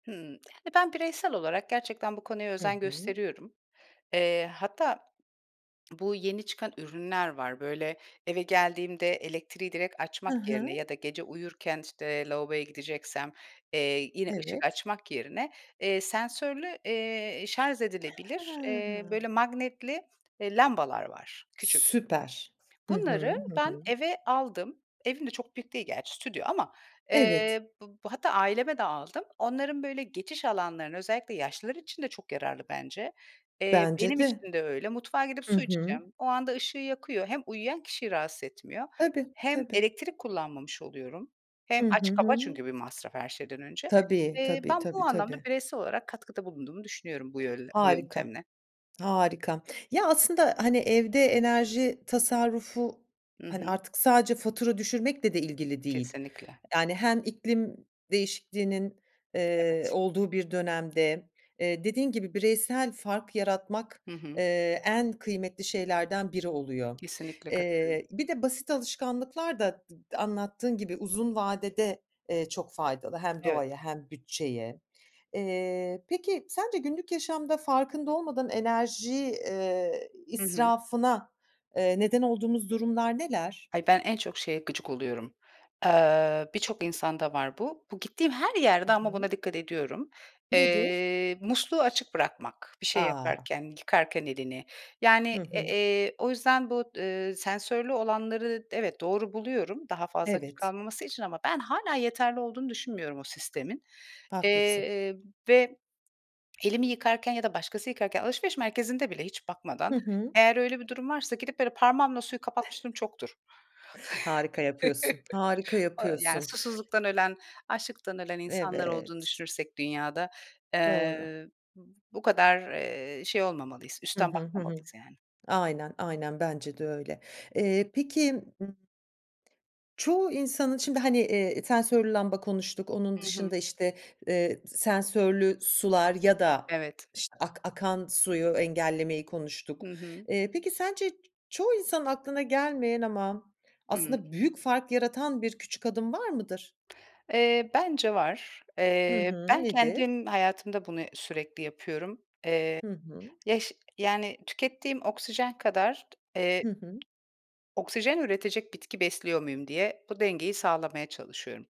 Hımm. Eee, ben bireysel olarak gerçekten bu konuya Hı özen hı. gösteriyorum. Eee, hatta bu yeni çıkan ürünler var, böyle, eve geldiğimde elektriği direkt Hı açmak yerine hı. ya da gece uyurken, işte, lavaboya gideceksem, eee, yine ışık Evet. açmak yerine, eee, sensörlü, eee, şarj edilebilir, eee, He. böyle, magnetli, eee, lambalar var küçük. Süper. Hı hı. Bunları Hı ben hı. eve aldım. Evim de çok büyük değil gerçi, stüdyo ama, Evet. eee, b hatta aileme de aldım. Onların, böyle, geçiş alanlarına, özellikle yaşlılar için de çok yararlı bence. Eee, Bence benim de. için de öyle. Mutfağa gidip Hı su hı. içeceğim, o anda ışığı yakıyor. Hem uyuyan kişiyi rahatsız etmiyor Tabii, hem tabii. elektrik kullanmamış oluyorum. Hem Hı hı, aç hı kapa hı. çünkü bir masraf her şeyden önce. Tabii, Eee, tabii, ben tabii, bu anlamda tabii. bireysel olarak katkıda bulunduğumu düşünüyorum bu yöl bu Harika. yöntemle. Harika. Ya, aslında, hani, evde enerji tasarrufu, Hı hani, hı. artık sadece fatura düşürmekle de ilgili değil. Kesinlikle. Yani hem iklim değişikliğinin, T eee, evet. olduğu bir dönemde, eee, dediğin gibi bireysel fark yaratmak, Hı hı. eee, en kıymetli şeylerden biri oluyor. Kesinlikle katılıyorum. Eee, bir de basit alışkanlıklar da d anlattığın gibi uzun vadede, eee, çok faydalı hem Evet. doğaya hem bütçeye. Eee, peki sence günlük yaşamda farkında olmadan enerji, eee, Hı hı. israfına, eee, neden olduğumuz durumlar neler? Hayır, ben en çok şeye gıcık oluyorum. Eee, birçok insanda var bu. Bu gittiğim her Hı yerde ama hı. buna dikkat ediyorum. Nedir? Eee, musluğu açık bırakmak, bir şey A! yaparken, yıkarken elini. Hı Yani, e hı. eee, o yüzden bu, ııı, sensörlü olanları d evet, doğru buluyorum, daha fazla açık Evet. kalmaması için. Ama ben hâlâ yeterli olduğunu düşünmüyorum o sistemin, Haklısın. eee, ve elimi yıkarken ya da başkası yıkarken alışveriş merkezinde bile hiç Hı bakmadan, hı. eğer öyle bir durum varsa gidip böyle parmağımla suyu kapatmışlığım çoktur. Harika yapıyorsun, harika Aaa, yani, yapıyorsun. susuzluktan ölen, açlıktan ölen insanlar olduğunu Evet. düşünürsek dünyada, Doğru. eee, b bu kadar, eee, şey olmamalıyız, Hı üstten hı, hı hı. bakmamalıyız yani. Aynen, aynen, bence de öyle. Eee, peki ımm çoğu insanın şimdi, hani, eee, sensörlü lamba konuştuk, onun Hı hı. dışında, işte, eee, d sensörlü sular ya da, Evet. işte, ak akan suyu engellemeyi Hı konuştuk. hı. Eee, peki sence ç çoğu insanın aklına gelmeyen ama Hıı. aslında büyük fark yaratan bir küçük adım var mıdır? Eee, bence var. Hı Eee, hı, ben nedir? kendim hayatımda bunu sürekli yapıyorum. Hı hı. Eee, ya, şe yani, "Tükettiğim oksijen kadar t eee, Hı hı. oksijen üretecek bitki besliyor muyum?" diye bu dengeyi sağlamaya çalışıyorum.